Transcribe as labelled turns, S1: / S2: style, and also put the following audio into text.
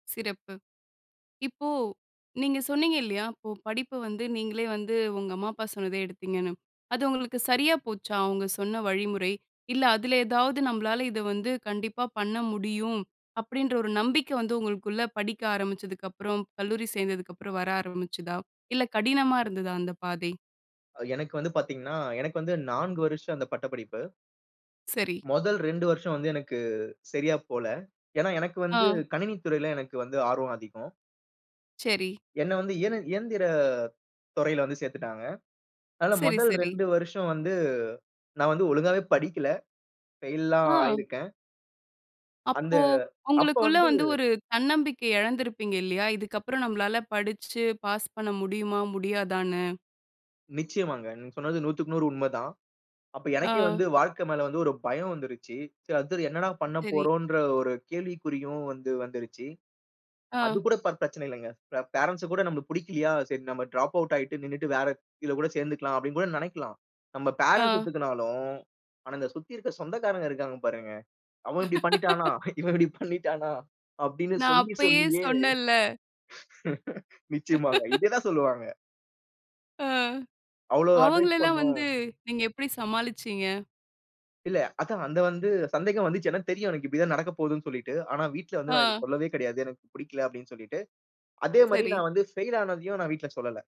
S1: சிறப்பு! இப்போ நீங்க சொன்னீங்க இல்லயா! இப்போ படிப்ப வந்து நீங்களே வந்து உங்க அம்மா, அப்பா சொன்னதே எடுத்தீங்கன்னு. அது உங்களுக்கு சரியா போச்சா? அவுங்க சொன்ன வழிமுறை? இல்ல, அதுல ஏதாவது, "நம்பளால இத வந்து கண்டிப்பா பண்ண முடியும்." அப்பிடீன்ற ஒரு நம்பிக்கை வந்து உங்களுக்குள்ள படிக்க ஆரம்பிச்சதுக்கப்புறம், கல்லூரி சேர்ந்ததுக்கப்புறம் வர ஆரம்பிச்சுதா? இல்ல, கடினமா இருந்ததா அந்த பாதை?
S2: அ எனக்கு வந்து பாத்தீங்கன்னா, எனக்கு வந்து 4 வருஷம் அந்த பட்டப்படிப்பு.
S1: சரி.
S2: மொதல் 2 வருஷம் வந்து எனக்கு சரியா போல. ஏன்னா, எனக்கு வந்து
S1: ஆ.
S2: கணினித் துறையில எனக்கு வந்து ஆர்வம் அதிகம்.
S1: சரி.
S2: என்ன வந்து இயன இயந்திர துறையில வந்து சேர்த்துட்டாங்க. அதனால
S1: சரி,
S2: முதல்
S1: சரி.
S2: 2 வருஷம் வந்து, நான் வந்து ஒழுங்காவே படிக்கல ஃபெயில்லாம்
S1: ஆ.
S2: ஆயிருக்கேன். அந்த,
S1: அப்போ
S2: அப்ப
S1: உங்களுக்குள்ள
S2: வந்து
S1: வந்து ஒரு தன்னம்பிக்கை இழந்திருப்பீங்க இல்லயா! இதுக்கப்பறம் நம்மளால படிச்சு பாஸ் பண்ண முடியுமா! முடியாதான்னு.
S2: நிச்சயமாங்க. நீங்க சொன்னது 100 க்கு 100 உண்மதான். அப்ப எனக்கே
S1: ஆ.
S2: வந்து வாழ்க்கை மேல வந்து ஒரு பயம் வந்துருச்சு. சரி அடுத்தது என்னடா பண்ண
S1: சரி.
S2: போறோம்ன்ற ஒரு கேள்விக்குறியும் வந்து வந்துருச்சு. அது
S1: ஆ.
S2: கூட ப பிரச்சனை இல்வங்க. பே ஃபேரண்ட்ஸு கூட நம்பளுக்கு புடிக்கலயா? "சரி, நம்ம டிராப் அவுட் ஆயிட்டு நின்னுட்டு வேற இதுல கூட சேர்ந்துக்கலாம்." அப்பிடீன்னு கூட நெனைக்கலாம். நம்ம ஃபேரன்ட்ஸ்
S1: ஆ.
S2: ஒத்துக்குனாலும், ஆனா, இத சுத்தி இருக்க சொந்தக்காரங்க இருக்காங்க பாருங்க. "அவன் இப்பிடி பண்ணிட்டானா? இவன் இப்பிடி பண்ணிட்டானா?" அப்பிடீன்னு
S1: நான்
S2: சொல்லி
S1: அப்பயே
S2: சொல்லியே
S1: சொன்னேன்ல.
S2: நிச்சயமாங்க. இதுதான் சொல்லுவாங்க.
S1: அ,
S2: அவ்ளோ
S1: அவுங்கள
S2: அட்வைஸ்
S1: எல்லாம்
S2: பண்ணோம்.
S1: வந்து நீங்க எப்பிடி சமாளிச்சீங்க?
S2: இல்ல, அதான் அந்த வந்து சந்தேகம் வந்துச்சு. ஏன்னா தெரியும் எனக்கு, இப்பிடி தான் நடக்க போகுதுன்னு சொல்லீட்டு. ஆனா, வீட்ல வந்து நான் இது
S1: ஆ.
S2: சொல்லவே கிடையாது. "எனக்கு புடிக்கல" அப்பிடீன்னு சொல்லிட்டு. அதேமாரி,
S1: சரி.
S2: நான் வந்து ஃபெயில் ஆனதையும் நான் வீட்ல சொல்லல.